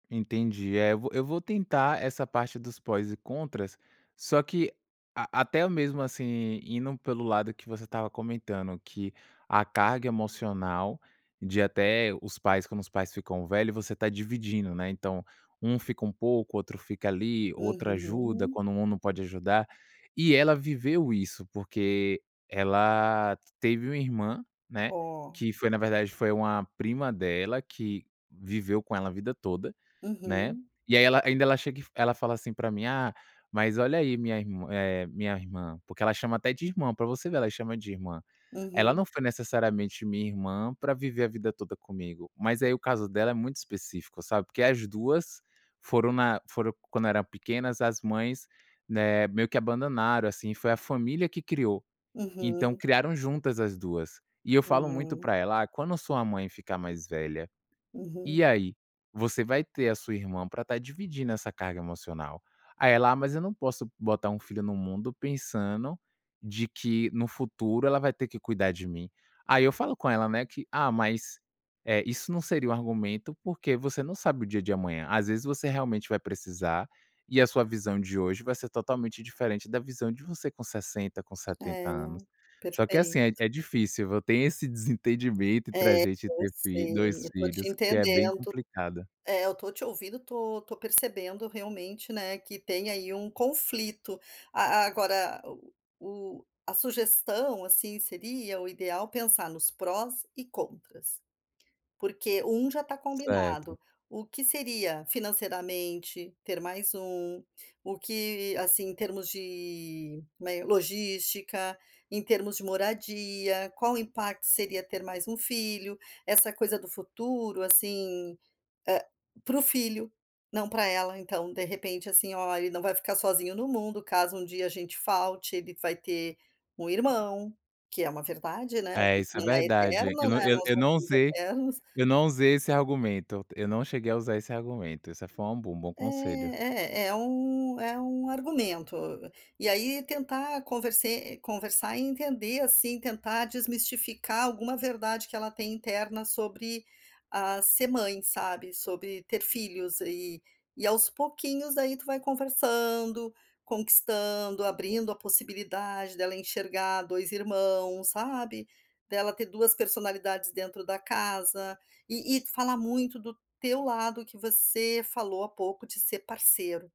Entendi. Eh, eu vou eu vou tentar essa parte dos prós e contras, só que a até mesmo, assim, indo pelo lado que você estava comentando que a carga emocional de até os pais, quando os pais ficam velho, você está dividindo, né? Então um fica um pouco, outro fica ali, outro ajuda, Uhum. quando um não pode ajudar. E ela viveu isso, porque ela teve uma irmã né, Ó. que foi na verdade foi uma prima dela que viveu com ela a vida toda, né, Uhum. e aí ela ainda ela chega e ela fala assim para mim: "Ah, mas olha aí minha irm eh, minha irmã." Porque ela chama até de irmã, para você ver, ela chama de irmã. Ela Uhum. não foi necessariamente minha irmã para viver a vida toda comigo, mas aí o caso dela é muito específico, sabe. Porque as 2 foram na foram quando eram pequenas, as mães, né, meio que abandonaram, assim, foi a família que criou, então Uhum. criaram juntas as 2. E eu falo muito Hum. para ela: "Ah, quando a sua mãe ficar mais velha, Uhum. e aí? Você vai ter a sua irmã para estar dividindo essa carga emocional." Aí ela "Ah, mas eu não posso botar um filho no mundo pensando de que no futuro ela vai ter que cuidar de mim." Aí eu falo com ela, né, que: "Ah, mas, eh, isso não seria um argumento porque você não sabe o dia de amanhã. Às vezes você realmente vai precisar e a sua visão de hoje vai ser totalmente diferente da visão de você com 60, com 70 É, anos." Só que, assim, é perfeito. é difícil, eu tenho esse desentendimento entre a É, gente eu ter fi sei, 2 eu estou te filhos que é bem entendendo. complicada. É, eu estou te ouvindo, estou estou percebendo, realmente, né, que tem aí um conflito. A agora, o o a sugestão, assim, seria o ideal pensar nos prós e contras. Porque 1 já está Certo. combinado, o que seria financeiramente ter mais 1, o que, assim, em termos de, né, logística, em termos de moradia, qual impacto seria ter mais 1 filho. Essa coisa do futuro assim, eh para o filho, não para ela, então, de repente, assim: "Ó, ele não vai ficar sozinho no mundo, caso um dia a gente falte, ele vai ter um irmão." Que é uma verdade, né, a É, gente isso é não é verdade, eu eterno, não né, eu nós eu não não somos usei eternos. eu não usei esse argumento, eu não cheguei a usar esse argumento. Isso foi um bom um bom conselho. É, eh, é um é um argumento. E aí tentar converse conversar e entender, assim, tentar desmistificar alguma verdade que ela tem interna sobre, ah, ser mãe, sabe, sobre ter filhos aí E aos pouquinhos, daí, tu vai conversando, conquistando, abrindo a possibilidade dela enxergar 2 irmãos, sabe? Dela ter 2 personalidades dentro da casa, e e falar muito do teu lado que você falou há pouco de ser parceiro.